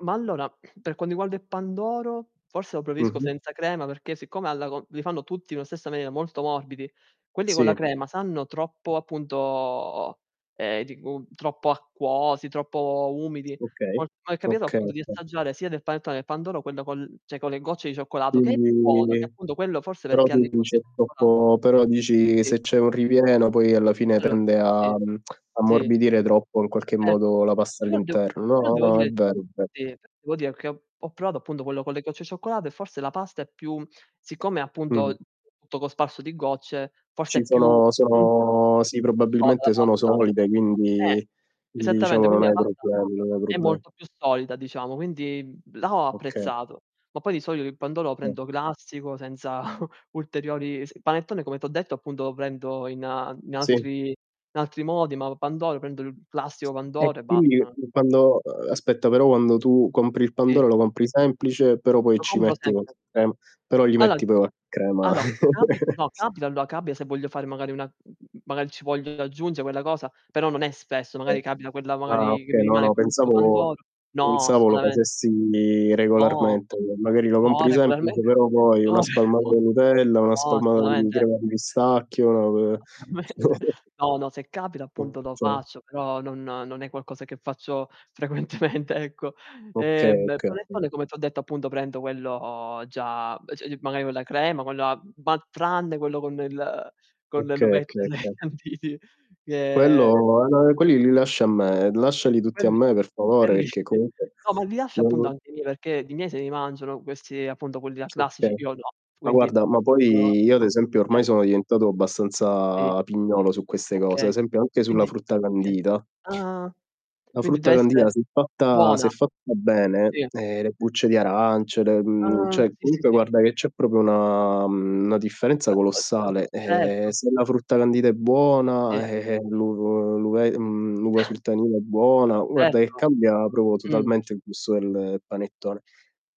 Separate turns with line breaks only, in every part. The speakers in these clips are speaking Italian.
Ma allora, per quanto riguarda il pandoro, forse lo preferisco
Mh-mh.
senza crema perché siccome alla co li fanno tutti nella stessa maniera, molto morbidi, quelli con la
Sì.
crema sanno troppo appunto ehm, di gu troppo acquosi, troppo umidi.
Okay,
Ho mi è capito
okay,
appunto, di
okay.
assaggiare sia del panettone che pandoro quello col cioè con le gocce di
Quindi
cioccolato, che è buono, che
[unintelligible]
appunto quello forse
però
perché ha le
tu dici
gocce
è
di cioccolato.
troppo però dici
Sì.
se c'è un ripieno poi alla fine
Allo
tende a
sì, sì.
ammorbidire troppo in qualche
Certo.
modo la pasta
Però devo
all'interno.
però
No,
devo
no, è
dire
vero è ve
sì, devo dire che ho provato appunto quello con le gocce di cioccolato, e forse la pasta è più siccome è
Mh.
appunto tutto cosparso di gocce forse
Ci
è più
sono
più
sono sì,
più soda la
probabilmente sono
pasta.
solide,
Eh,
quindi
esattamente,
diciamo non
quindi la
hai
pasta
problemi, non hai
è
proble
molto più solida diciamo, quindi, mhmm, là ho
Oka
apprezzato. Ma poi di solito il pandoro lo
[unintelligible]
prendo classico, senza ulteriori il panettone come ti ho detto appunto lo prendo in a in
Sì.
altri in altri modi, ma pandoro prendo il classico
E
pandoro e
quindi
basta.
fin quando ehm, aspetta, però quando tu compri il
Sì.
pandoro, lo compri semplice, però poi
Lo
ci
compro
metti
sempre.
qualche crema, però gli
Alla
metti p crema.
allo, capi no, capita allo capita se voglio fare magari una mhmm, magari ci voglio io aggiunge quella cosa, però non è spesso,
Okay.
magari capita quella
Ah,
magari che mi
okay, no,
rimane
no,
quell' ultimo
pensavo
pandoro. No,
pensavo lo
assolutamente.
facessi
No!
regolarmente. Magari lo
No,
compri semplice,
regolarmente,
però poi
no,
una
cioè
spalmata
no.
di Nutella, una
No,
spalmata di
assolutamente.
crema di pistacchio, v
Assolutamente
[unintelligible]
No, no, se capita appunto lo
[unintelligible]
faccio, però non non è qualcosa che faccio frequentemente, ecco.
Okay,
Ehm,
okay.
panettone come t' ho detto appunto prendo quello già b cioè magari con la crema, con la ma tranne quello con il ehm, con
Okay,
l'uvetta
okay,
e né i
okay.
canditi, che
Quello e ma quelli li lasci a me lasciali tutti a
Quelli
me per favore,
quelli
perché
sì.
comunque
No, ma li lascio appunto
[unintelligible]
anche i miei, perché i miei se li mangiano questi appunto quelli là classici
Okay.
io no,
Ma
quindi
guarda, ma
[unintelligible]
poi io ad esempio ormai
Eh.
sono diventato
Sì.
abbastanza pignolo su queste cose, a
Okay.
esempio anche sulla
Quindi
frutta
okay,
candita
ah,
la
quindi
frutta
deve essere,
candita se è fatta se è
buona.
fatta bene,
Sì.
eh le bucce di arance, le, mhmm
Ah,
cioè
sì, sì,
comunque
sì.
guarda che c'è proprio una mhmm, una differenza
Ah, uhm, uhm,
colossale. Ehm,
certo.
se la frutta candita è
Sì.
buona, eh, eh, l'u l'uve mhmm, l'uva sultanina è buona, guarda che
Certo.
cambia proprio
Mh.
totalmente il gusto del panettone.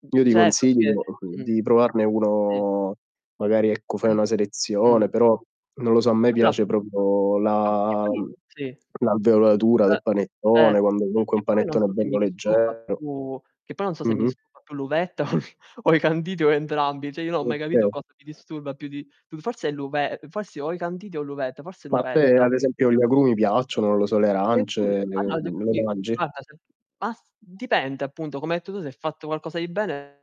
Mh,
Io ti
ce
consiglio,
perché
uhm,
mh.
di provarne
Sì.
uno magari ecco
Eh.
fai una selezione,
Mh.
però non lo so, a me
Allora.
piace proprio
Oh, e
la
poi
uhm,
sì.
l'alveolatura
Eh,
del panettone,
cer
quando comunque è
E
un
poi non
panettone
so se
bello
mi disturba
leggero.
più che poi non so se mi
Mh-mh.
disturba più l'uvetta o i o i canditi o entrambi. Cioè io non ho mai capito,
Okay
cosa mi disturba più di più forse l'uve ehm, possi o i canditi o l'uvetta, forse l'
Ma a te
uvetta.
ad esempio gli agrumi piacciono? Non lo so, le
[unintelligible] e
arance, le uhm, le
quindi,
mangi?
basta ce bas dipende appunto, come hai detto tu, se fatto qualcosa di bene